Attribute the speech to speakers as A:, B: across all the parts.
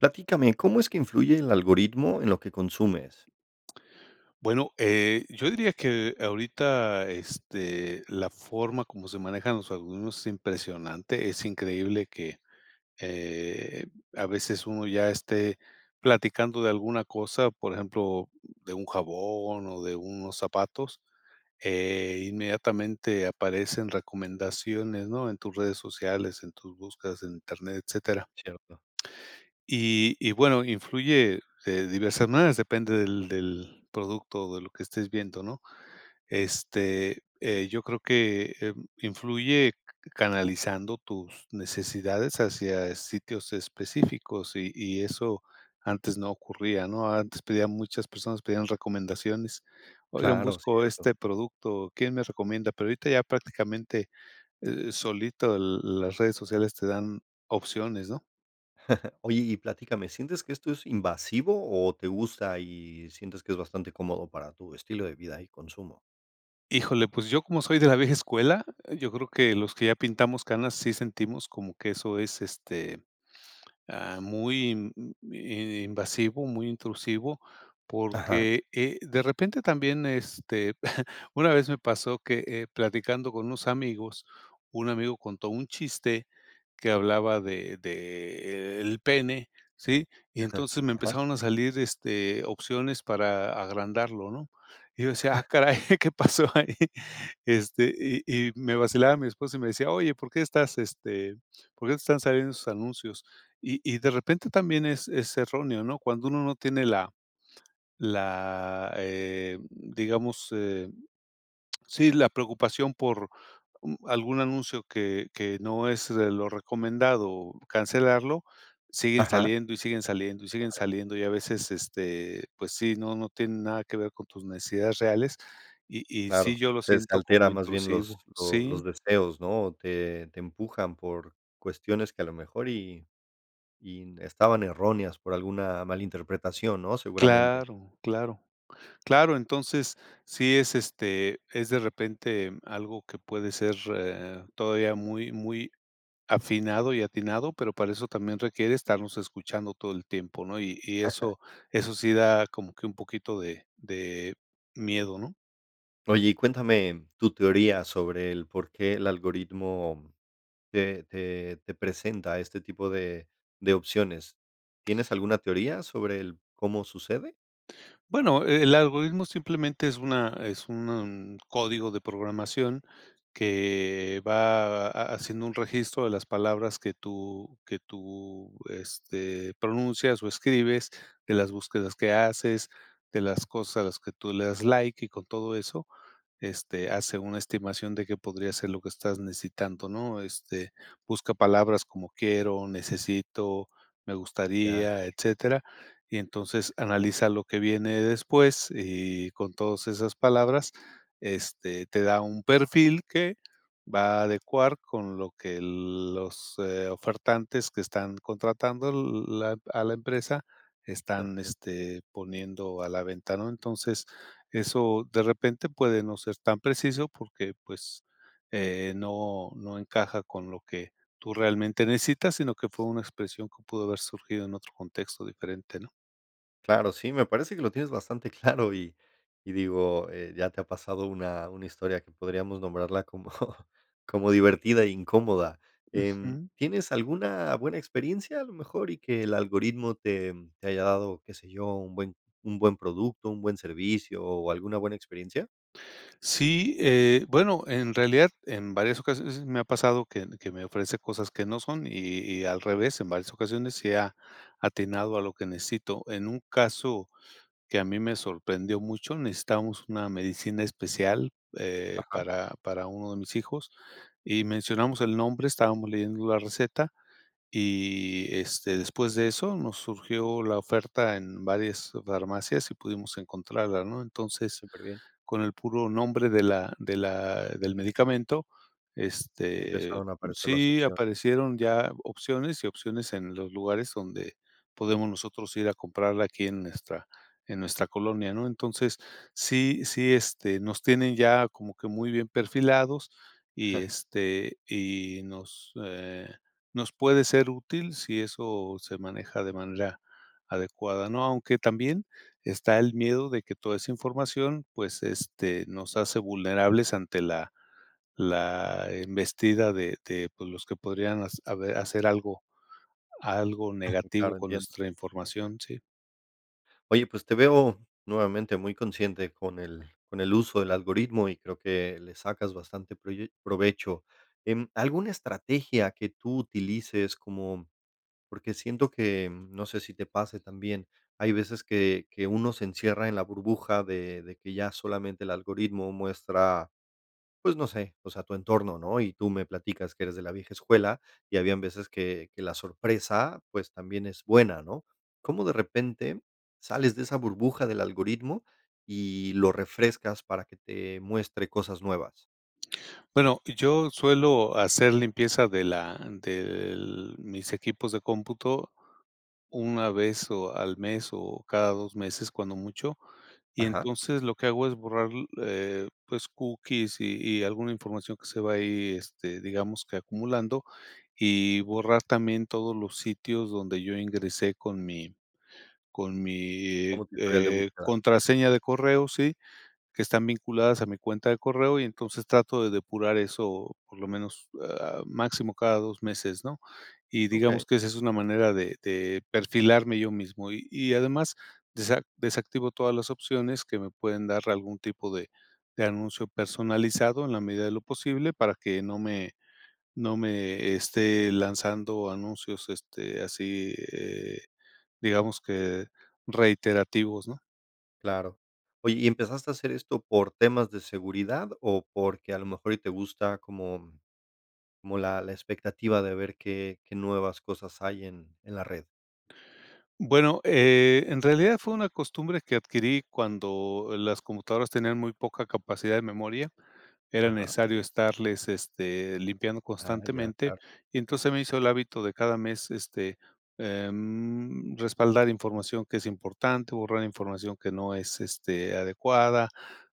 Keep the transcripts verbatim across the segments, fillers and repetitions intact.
A: Platícame ¿cómo es que influye el algoritmo en lo que consumes?
B: Bueno, eh, yo diría que ahorita, este, la forma como se manejan los algoritmos es impresionante. Es increíble que, eh, a veces uno ya esté platicando de alguna cosa, por ejemplo, de un jabón o de unos zapatos, eh, inmediatamente aparecen recomendaciones, ¿no? En tus redes sociales, en tus búsquedas en Internet, etcétera.
A: Cierto.
B: Y y bueno, influye de diversas maneras, depende del del producto o de lo que estés viendo, ¿no? Este, eh, yo creo que, eh, mm, influye c canalizando tus necesidades hacia sitios específicos y y eso antes no ocurría, ¿no? Antes pedían muchas personas pedían recomendaciones: "Oigan,
A: Claro,
B: busco
A: cierto.
B: este producto, ¿quién me recomienda?". Pero ahorita ya prácticamente, eh, solito l las redes sociales te dan opciones, ¿no?
A: Oye y platícame, ¿sientes que esto es invasivo o te gusta y sientes que es bastante cómodo para tu estilo de vida y consumo?
B: Híjole, pues yo, como soy de la vieja escuela, yo creo que los que ya pintamos canas sí sentimos como que eso es, este, ah, muy inv mm, i i invasivo, muy intrusivo,
A: Ajá.
B: porque, eh, de repente también, este Una vez me pasó que, eh, platicando con unos amigos, un amigo contó un chiste que hablaba de de, e el pene, ¿sí?, y entonces me
A: Aja.
B: empezaron a salir, este, opciones para agrandarlo, ¿no?, y yo decía: "Ah, caray, ¿qué pasó ahí?," este, y y me vacilaba mi esposa y me decía: "Oye, ¿por qué estás, este, por qué te están saliendo esos anuncios?", y y de repente también es es erróneo, ¿no?, cuando uno no tiene la la, eh, digamos, eh, sí, la preocupación por, mm, algún anuncio que que no es de lo recomendado, cancelarlo, siguen
A: Ajá.
B: saliendo, y siguen saliendo, y siguen
A: Claro.
B: saliendo, y a veces, este, pues sí, no no tiene nada que ver con tus necesidades reales, y y sí,
A: Claro,
B: yo lo
A: se, este,
B: siento como
A: alteran más bien los
B: intrusivo.
A: lo los
B: Sí.
A: deseos, ¿no?, te te empujan por cuestiones que a lo mejor y y n estaban erróneas por alguna mala interpretación, ¿no?, seguramente.
B: Claro, claro. Claro, entonces sí es, este, es de repente algo que puede ser e eh, todavía muy, muy afinado y atinado, pero para eso también requiere estarnos escuchando todo el tiempo, ¿no?, y y
A: Ajá.
B: eso eso sí da como que un poquito de de miedo, ¿no?
A: Oye, y cuéntame tu teoría sobre el por qué el algoritmo te te te presenta este tipo de de opciones. ¿Tienes alguna teoría sobre el cómo sucede?
B: Bueno, el algoritmo simplemente es una es un código de programación que va haciendo un registro de las palabras que tú que tú, este, pronuncias o escribes, de las búsquedas que haces, de las cosas a las que tú le das like y con todo eso, este, hace una estimación de qué podría ser lo que estás necesitando, ¿no? Este, busca palabras como quiero, necesito, me
A: Ya.
B: gustaría, etcétera, y entonces analiza lo que viene después y con todas esas palabras, este, te da un perfil que va a adecuar con lo que los, eh, ofertantes que están contratando la, a la empresa están,
A: [unintelligible]
B: este, poniendo a la venta, ¿no? Entonces eso de repente puede no ser tan preciso porque, pues, eh, no no encaja con lo que tú realmente necesitas, sino que fue una expresión que pudo haber surgido en otro contexto diferente, ¿no?
A: Claro, sí, me parece que lo tienes bastante claro, y y digo, eh, ya te ha pasado una una historia que podríamos nombrarla como como divertida y incómoda, em,
B: Ujú.
A: ¿tienes alguna buena experiencia a lo mejor y que el algoritmo te te haya dado, qué sé yo, un buen un buen producto, un buen servicio o alguna buena experiencia?
B: Sí, eh, bueno, en realidad, en varias ocasiones s me ha pasado que ne que me ofrece cosas que no son y y al revés, en varias ocasiones sí ha, atinado a lo que necesito. En un caso que a mí me sorprendió mucho, necesitábamos una medicina especial, eh,
A: Ajá.
B: para para uno de mis hijos y mencionamos el nombre, estábamos leyendo la receta y, este, después de eso nos surgió la oferta en varias farmacias y pudimos encontrarla, ¿no? Entonces,
A: Súperbien.
B: con el puro nombre de la de la del medicamento, este
A: Empezaron a aparecer las
B: Sí
A: opciones.
B: aparecieron ya opciones y opciones en los lugares donde podemos nosotros ir a comprarla aquí en nuestra en nuestra colonia, ¿no? Entonces, sí sí, este, nos tienen ya como que muy bien perfilados y, este, y nos, eh, nos puede ser útil si eso se maneja de manera adecuada, ¿no? Aunque también está el miedo de que toda esa información, pues, este, nos hace vulnerables ante la la embestida de de, pues, los que podrían has habe hacer algo algo negativo
A: Claro,
B: con
A: entiendo.
B: nuestra información. Sí.
A: Oye, pues te veo nuevamente muy consciente con el con el uso del algoritmo, y creo que le sacas bastante proye provecho. Em, ¿Alguna estrategia que tú utilices como? Porque siento que, no sé si te pase también. Hay veces que que uno se encierra en la burbuja de de que ya solamente el algoritmo muestra, pues no sé, o sea, tu entorno, ¿no? Y tú me platicas que eres de la vieja escuela, y habían veces que que la sorpresa, pues, también es buena, ¿no? ¿Cómo de repente sales de esa burbuja del algoritmo y lo refrescas para que te muestre cosas nuevas?
B: Bueno, yo suelo hacer limpieza de la del mis equipos de cómputo una vez o al mes o cada dos meses cuando mucho. Y
A: Ajá.
B: entonces lo que hago es borrar l eh, pues cookies y y alguna información que se va ahí, este, digamos que acumulando, y borrar también todos los sitios donde yo ingresé con mi con mi
A: Como tu historial de
B: eh,
A: búsqueda.
B: contraseña de correo, ¿sí?, que están vinculadas a mi cuenta de correo, y entonces trato de depurar eso por lo menos, ah, máximo cada dos meses, ¿no? Y
A: Okey.
B: digamos que esa es una manera de de perfilarme yo mismo y, y además desa desactivo todas las opciones que me pueden dar algún tipo de de anuncio personalizado en la medida de lo posible para que no me no me esté lanzando anuncios este así eh, digamos que reiterativos ¿no?
A: Claro. Oye, ¿y empezaste a hacer esto por temas de seguridad o porque a lo mejor y te gusta como como la la expectativa de ver qué qué nuevas cosas hay en en la red?
B: Bueno, eh, en realidad fue una costumbre que adquirí cuando las computadoras tenían muy poca capacidad de memoria. Era
A: Ajá.
B: necesario estarles, este, limpiando
A: Ah, ya.
B: constantemente.
A: Claro.
B: Y entonces, se me hizo el hábito de cada mes, este, em, respaldar información que es importante, borrar información que no es, este, adecuada,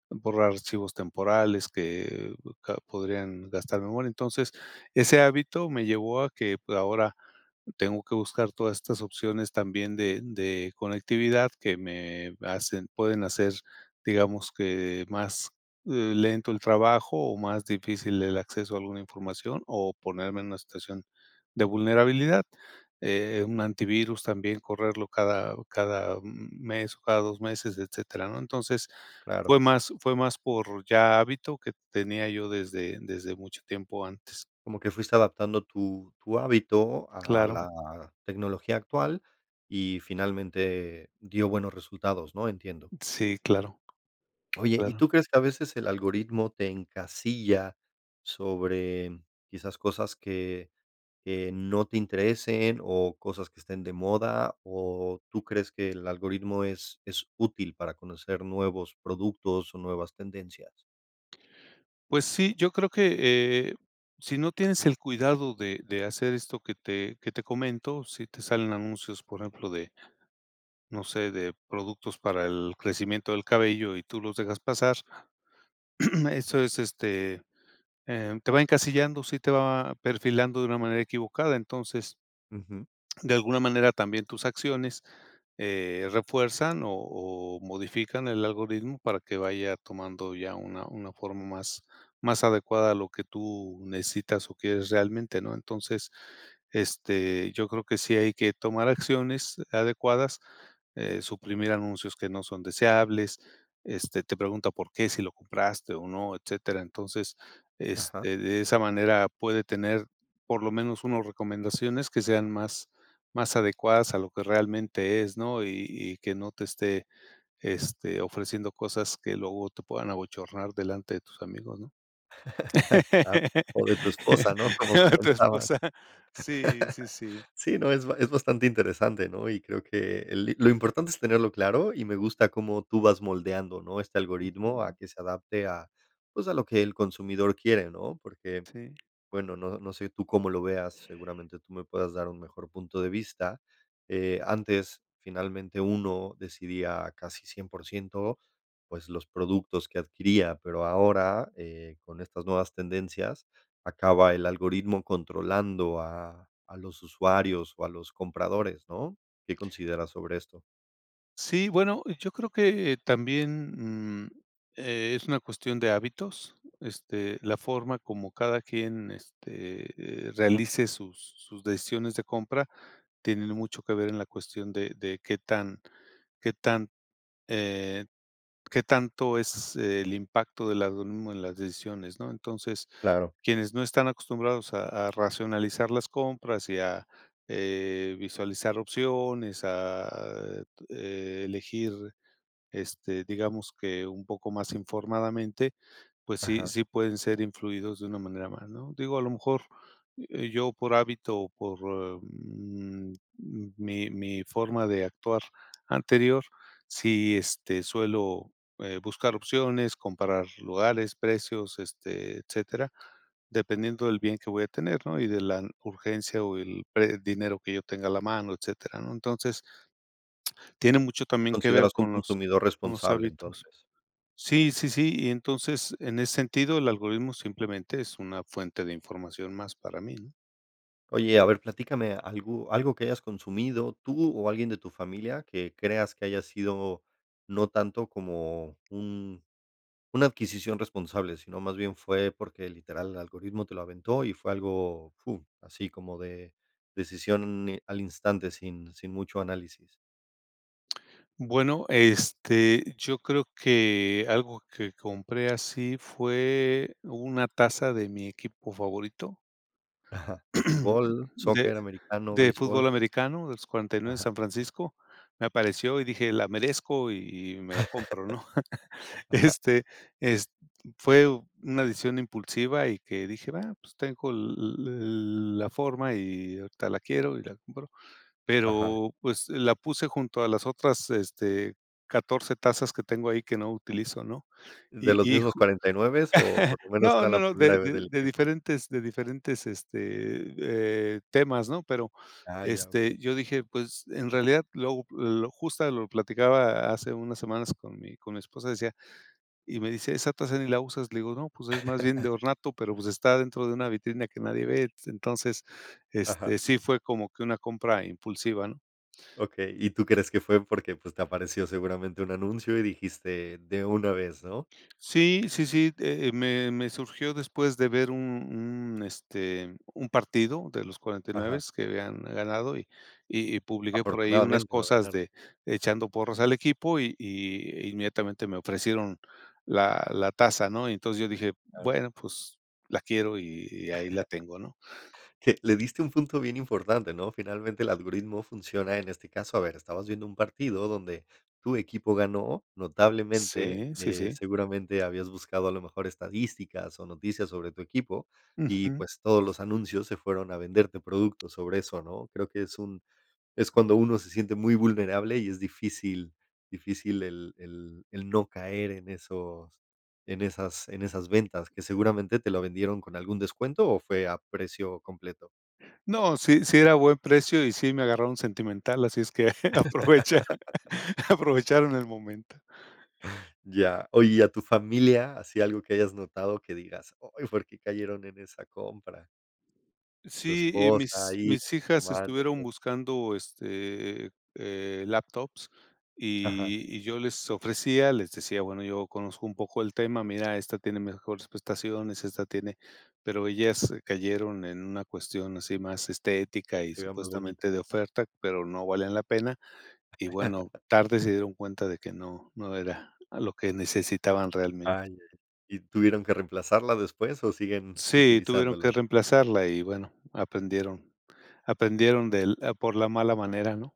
B: borrar archivos temporales que ca podrían gastar memoria. Entonces, ese hábito me llevó a que ahora tengo que buscar todas estas opciones también de de conectividad que me hacen, pueden hacer, digamos, que más, eh, lento el trabajo o más difícil el acceso a alguna información o ponerme en una situación de vulnerabilidad. Eh, un antivirus también correrlo cada cada mes o cada dos meses, etcétera, ¿no? Entonces,
A: Claro.
B: fue más fue más por ya hábito que tenía yo desde desde mucho tiempo antes.
A: Como que fuiste adaptando tu tu hábito a
B: Claro.
A: la tecnología actual y finalmente dio buenos resultados, ¿no? Entiendo.
B: Sí, claro.
A: Oye, ¿y tú
B: Claro.
A: crees que a veces el algoritmo te encasilla sobre quizás cosas que que no te interesen o cosas que estén de moda? ¿O tú crees que el algoritmo es es útil para conocer nuevos productos o nuevas tendencias?
B: Pues, sí, yo creo que, eh, sino tienes el cuidado de de hacer esto que te que te comento, si te salen anuncios, por ejemplo, de, no sé, de productos para el crecimiento del cabello y tú los dejas pasar, eso es, este, em, te va encasillando, sí te va perfilando de una manera equivocada. Entonces,
A: Ujú.
B: de alguna manera, también tus acciones, eh, refuerzan o o modifican el algoritmo para que vaya tomando ya una una forma más más adecuada a lo que tú necesitas o quieres realmente, ¿no? Entonces, este, yo creo que sí hay que tomar acciones adecuadas, eh, suprimir anuncios que no son deseables, este, te pregunta por qué, si lo compraste o no, etcétera. Entonces,
A: Ajá.
B: este, de esa manera puede tener por lo menos unos recomendaciones que sean más más adecuadas a lo que realmente es, ¿no? Y y que no te esté, este, ofreciendo cosas que luego te puedan abochornar delante de tus amigos, ¿no?
A: Claro. O de tu esposa, ¿no? Como
B: Tu
A: comentabas.
B: esposa. Sí, sí, sí.
A: Sí, no, es es bastante interesante, ¿no? Y creo que el li lo importante es tenerlo claro y me gusta como tú vas moldeando, ¿no? Este algoritmo a que se adapte a, pues, a lo que el consumidor quiere, ¿no? Porque,
B: Sí.
A: bueno, no no sé tú cómo lo veas, seguramente tú me puedas dar un mejor punto de vista. Eh, antes, finalmente, uno decidía casi cien por ciento, pues, los productos que adquiría, pero ahora, eh, con estas nuevas tendencias, acaba el algoritmo controlando a a los usuarios o a los compradores, ¿no? ¿Qué consideras sobre esto?
B: Sí, bueno, yo creo que también, mm, eh, es una cuestión de hábitos. Esta, la forma como cada quien este, eh, realice sus sus decisiones de compra, tienen mucho que ver en la cuestión de de qué tan qué tan, eh, qué tanto es el impacto de la algoritmo en las decisiones ¿no? Entonces
A: Claro.
B: quienes no están acostumbrados a a racionalizar las compras y a, eh, visualizar opciones, a elegir este, digamos que un poco más informadamente, pues sí
A: Ajá.
B: sí pueden ser influidos de una manera más ¿no? Digo a lo mejor, eh, yo por hábito o por, mm, mi mi forma de actuar anterior, si este, suelo eh, buscar opciones, comparar lugares, precios, este, etcétera, dependiendo del bien que voy a tener, ¿no? Y de la urgencia o el pre dinero que yo tenga a la mano, etcétera, ¿no? Entonces. Tiene mucho
A: ¿Te
B: también que ver
A: consideras un
B: con los
A: consumidor
B: con los
A: responsable
B: hábitos.
A: entonces?
B: Sí, sí, sí, y entonces, en ese sentido, el algoritmo simplemente es una fuente de información más para mí, ¿no?
A: Oye, a ver platícame algo algo que hayas consumido tú o alguien de tu familia que creas que haya sido no tanto como un una adquisición responsable, sino más bien fue porque, literal, el algoritmo te lo aventó y fue algo, fur así como de decisión n al instante sin sin mucho análisis.
B: Bueno, este, yo creo que algo que compré así fue una taza de mi equipo favorito
A: Ajá. ¿De fútbol,
B: de
A: soccer, americano,
B: de
A: béisbol?
B: fútbol americano de los cuarenta y nueve de
A: Ajá.
B: San Francisco me apareció y dije la merezco y y me la compro, ¿no?
A: Ajá.
B: Este, es fue una decisión impulsiva y que dije va pues tengo el el la forma y ahorita la quiero y la compro
A: Ajá.
B: pero pues la puse junto a las otras, este, catorce tazas que tengo ahí que no utilizo, ¿no?
A: ¿De
B: Y
A: los
B: y
A: mismos
B: ju
A: cuarenta y nueve o por lo menos
B: no
A: era
B: no
A: la
B: no, de
A: primera
B: de
A: del
B: de
A: equipo?
B: diferentes de diferentes, este, eh, temas, ¿no? Pero,
A: Ah, ya, okey.
B: este yo dije pues en realidad lo lo justa lo platicaba hace unas semanas con mi con mi esposa decía y me dice: "Esa tasa ni la usas" le digo: "No pues es más bien de ornato" pero pues está dentro de una vitrina que nadie ve entonces este
A: Ajá.
B: sí fue como que una compra impulsiva, ¿no?
A: Okey. Y tú crees que fue porque, pues, te apareció seguramente un anuncio y dijiste: "De una vez", ¿no?
B: Sí, sí, sí, eh, me me surgió después de ver un un este un partido de los cuarenta y nueve
A: Ajá.
B: que habían ganado y y y publiqué por ahí unas
A: Afortunadamente lo
B: cosas
A: ganaron.
B: de echando porras al equipo y y inmediatamente me ofrecieron la la taza, ¿no? Y entonces yo dije
A: Claro.
B: bueno pues la quiero y y ahí la tengo, ¿no?
A: Eh, le diste a un punto bien importante, ¿no? Finalmente el algoritmo funciona en este caso, a ver, estabas viendo un partido donde tu equipo ganó, notablemente.
B: Sí, sí,
A: Eh,
B: sí.
A: seguramente habías buscado a lo mejor estadísticas o noticias sobre tu equipo y,
B: Ujú.
A: pues, todos los anuncios se fueron a venderte productos sobre eso, ¿no?, creo que es un es cuando uno se siente muy vulnerable y es difícil difícil el el el no caer en esos en esas en esas ventas que seguramente te la vendieron con algún descuento, ¿o fue a precio completo?
B: No, sí, sí era buen precio y sí me agarraron sentimental, así es que aprovecha aprovecharon el momento.
A: Ya, oye, ¿y a tu familia? ¿Así algo que hayas notado que digas: "Ay, por qué cayeron en esa compra"? Tu
B: Sí, y
A: esposa,
B: mis
A: hijos,
B: mis hijas
A: hermanos.
B: estuvieron buscando, este, e eh, eh, laptops,
A: Ajá.
B: y y yo les ofrecía les decía: "Bueno, yo conozco un poco el tema. Mira, esta tiene mejores prestaciones, esta tiene", pero ellas cayeron en una cuestión así, más
A: Para
B: estética
A: que
B: y
A: se viera más bonita.
B: supuestamente de oferta. Pero no valían la pena y, bueno, tarde se dieron cuenta de que no no era algo que necesitaban
A: Ay
B: realmente.
A: ay, ¿y tuvieron que reemplazarla después o siguen
B: Sí, tuvieron que
A: utilizándola?
B: reemplazarla y bueno, aprendieron aprendieron del a por la mala manera, ¿no?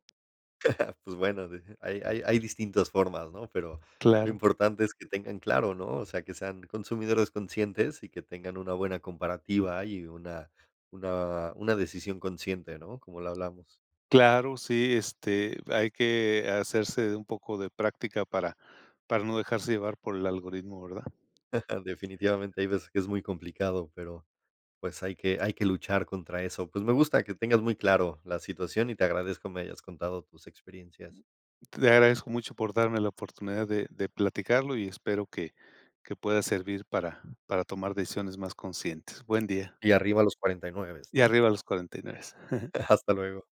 A: Pues bueno, deje hay hay hay distintas formas, ¿no?, pero, lo
B: Claro.
A: importante es que tengan claro, ¿no?, o sea, que sean consumidores conscientes y que tengan una buena comparativa y una una una decisión consciente, ¿no?, como lo hablamos.
B: Claro, sí, este, hay que hacerse de un poco de práctica para para no dejarse llevar por el algoritmo, ¿verdad?
A: Definitivamente hay veces que es muy complicado, pero, pues, hay que hay que luchar contra eso, pues, me gusta que tengas muy claro la situación y te agradezco me hayas contado tus experiencias.
B: Te agradezco mucho por darme la oportunidad de de platicarlo, y espero que que pueda servir para para tomar decisiones más conscientes, buen día.
A: Y arriba los cuarenta y nueve s
B: Y
A: ¿no?
B: arriba los cuarenta y nueve s
A: Hasta luego.